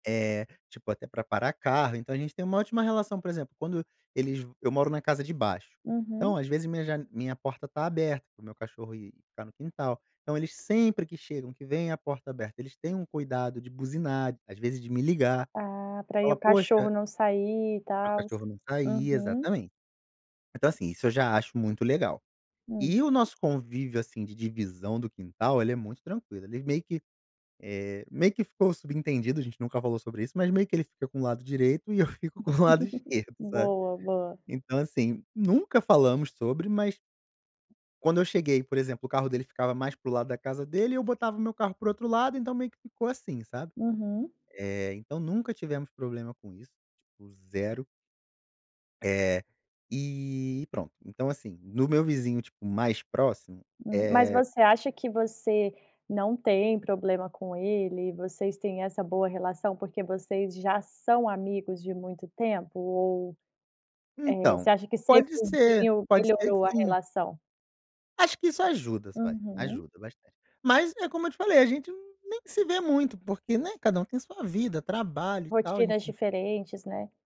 Eh, tipo até pra parar carro, então a gente tem uma ótima relação. Por exemplo, quando eles eu moro na casa de baixo, então Uhum. às vezes minha jane minha porta está aberta, para o meu cachorro ir ficar no quintal. Então eles sempre que chegam, que veem a porta aberta, eles têm um cuidado de buzinar, às vezes de me ligar. Ah. Pra aí Falar: o cachorro "Poxa" não sair, e para o tals. cachorro não sair, Uhum. exatamente. Então assim, isso eu já acho muito legal. Hum. E o nosso convívio, assim, de divisão do quintal, ele é muito tranquilo. Eles meio que, eh, meio que ficou subentendido, a gente nunca falou sobre isso, mas meio que ele fica com o lado direito e eu fico com o lado esquerdo, sabe. Boa, boa. Então assim, nunca falamos sobre, mas quando eu cheguei, por exemplo, o carro dele ficava mais para o lado da casa dele, e eu botava o meu carro para o outro lado, então meio que ficou assim, sabe. Uhum. Eh, então nunca tivemos problema com isso. Tipo, 0. Eh, e e pronto. Então assim, no meu vizinho, tipo, mais próximo, Hum. Mas eh você acha que você não tem problema com ele? Vocês têm essa boa relação, porque vocês já são amigos de muito tempo? Ou, eh, Então, você acha que ser pode ser. vizinho, Pode ser que melhorou a sim. relação? Acho que isso ajudas, vai, Aham. ajuda bastante. Mas, é como eu te falei, a gente n nem se vê muito porque, né, cada um tem sua vida, trabalho e tal. A gente Rotinas diferentes, né.